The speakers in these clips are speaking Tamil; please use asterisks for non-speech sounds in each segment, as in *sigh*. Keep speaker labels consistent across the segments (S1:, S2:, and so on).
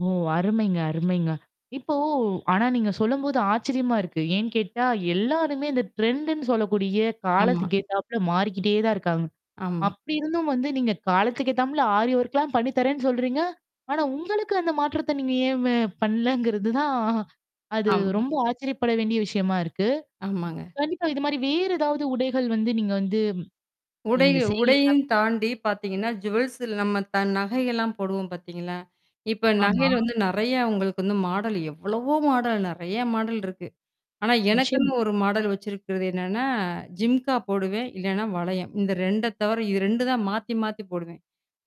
S1: ஓ! அருமைங்க அருமைங்க. இப்போ ஆனா நீங்க சொல்லும்போது ஆச்சரியமா இருக்கு. ஏன்னு கேட்டா எல்லாருமே இந்த டரெண்ட் -ன்னு சொல்லக்கூடிய
S2: ஆமா.
S1: காலத்துக்கு கேட்டாப்பல மாறிக்கிட்டே தான் இருக்காங்க.
S2: ஆமா.
S1: அப்படி இருந்தும் வந்து நீங்க காலத்துக்கேத்தாப்ல ஆரி ஒர்க்லாம் பண்ணி தர்ரேன்னு சொல்றீங்க? ஆனா உங்களுக்கு அந்த மாற்றத்த நீங்க ஏ பண்ணலங்கிறது தான். அது
S2: ஆமா.
S1: ரொம்ப ஆச்சரியப்பட வேண்டிய விஷயமா இருக்கு.
S2: ஆமாங்க.
S1: கண்டிப்பா இது மாரி வேறு ஏதாவது உடைகள் வந்து நீங்க வந்து
S2: உடை
S1: இந்த செய்தி
S2: உடையம்
S1: *unintelligible*
S2: தாண்டி பார்த்தீங்கன்னா, ஜுவல்ஸ் நம்ம த நகைகள்ல்லாம் போடுவோம் பார்த்தீங்களா? இப்ப
S1: ஆமா.
S2: நகையில வந்து நறைய உங்களுக்கு வந்து மாடல் எவ்வளவோ மாடல் நறைய மாடல் இருக்கு. ஆனா,
S1: நிச்சயமா.
S2: எனக்குன்னு ஒரு மாடல் வச்சிருக்கிறது என்னன்னா, ஜிம்கா போடுவேன். இல்லன்னா வளையம். இந்த 2அ தவிர இது 2தான் மாத்தி மாத்தி போடுவேன்.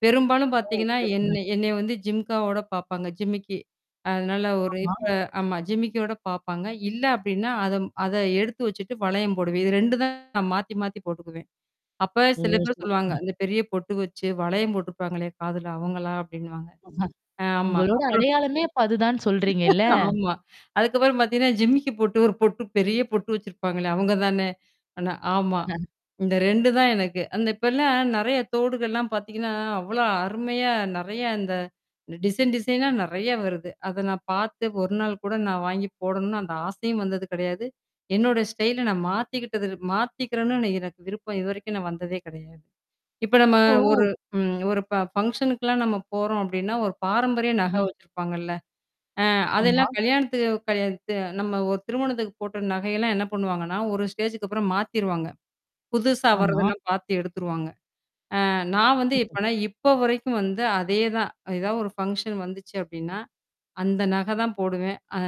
S2: பெரும்பாலும்
S1: ஓ!
S2: பார்த்தீங்கன்னா,
S1: செரிங்க.
S2: என்ன என்னைய வந்து ஜிம்காவோட பார்ப்பாங்க. ஜிமிக்கி. அதனால ஒரு
S1: ஆமா.
S2: இப்ப ஆமா ஜிமிக்கியோட பாரப்பாங்க. இல்ல அப்டின்னா, அத அத எடுத்து வச்சுட்டு வளையம் போடுவேன். இது 2 தான் மாத்தி, மாத்தி போட்டுக்குவேன். அப்ப
S1: ஓ!
S2: சில பேர் சொல்லுவாங்க.
S1: சிறப்புங்க.
S2: அந்த பெரிய பொட்டு வச்சு வளையம் போட்டுருப்பாங்களல்லையே! காதுல அவங்களா? அப்ப்டின்னுவாங்க.
S1: *laughs*
S2: ஆமா.
S1: உங்களோட
S2: அப்புறம்
S1: அடையாளமே அப்ப அதுதான்னு சொல்றீங்க இல்ல?
S2: ஆமா. அதுக்கப்புறம் பார்த்தீங்கன்னா, ஜிமக்கு பொட்டு ஒரு பொட்டு பெரிய பொட்டு வச்சிருப்பாங்களே! அவங்க தானே. ஆனா ஆமா.
S1: *laughs*
S2: இந்த 2 தான் எனக்கு. அந்த இப்பல்லாம் நெறைய தோடுகள்லாம் பார்த்தீங்கன்னா, அவ்ளோ அருமையா நறைய இந்த டிசைன் டிசைனா நறைய வருது. அத நான் பார்த்து ஒரு நாள் கூட நான் வாங்கி போடணும்னு அந்த ஆசையும் வந்தது கிடையாது. என்னோட ஸ்டைல நான் மாத்திக்கிட்டது மாத்திக்கிறேன்னு எனக்கு விருப்பம். இதுவரைக்கும் நான் வந்ததே கிடையாது. இப்ப நம்ம ஒரு
S1: இப்போ
S2: ம் ஒரு ப ஃபங்ஷனுக்கலாம் நம்ம போறோம் அப்ப்டின்னா, ஒரு பாரம்பரிய நகை
S1: ம்.
S2: வச்சிருப்பாங்கல்ல. ஆ
S1: ஆமா.
S2: அதெல்லாம் கல்யாணத்துக்கு கல்யா த நம்ம ஒரு திருமணத்துக்கு போட்ட நகையெல்லாம் என்ன பண்ணுவாங்கன்னா, ஒரு ஸ்டேஜ்க்கு அப்புறம் மாத்திருவாங்க. புதுசா
S1: ஆமா.
S2: வர்றதெல்லாம் பார்த்து எடுத்துருவாங்க. அ நான் வந்து
S1: டிக்க்கும்
S2: எப்பனா இப்போ வரைக்கும் வந்து அதே தான் ஏதாவது ஒரு ஃபங்ஷன் வந்துச்சு அப்ப்டின்னா. அந்த நகை தான் போடுவேன். அ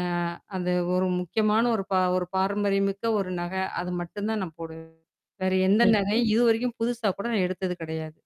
S2: அது ஒரு முக்கியமான ஒரு ப ஒரு பாரம்பரியமிக்க ஒரு நகை. அது மட்டும் தான் நான் போடுவேன். வேற எந்த
S1: சரி.
S2: நரையும் இதுவரைக்கும் புதுசா கூட நான் எடுத்தது கிடையாது.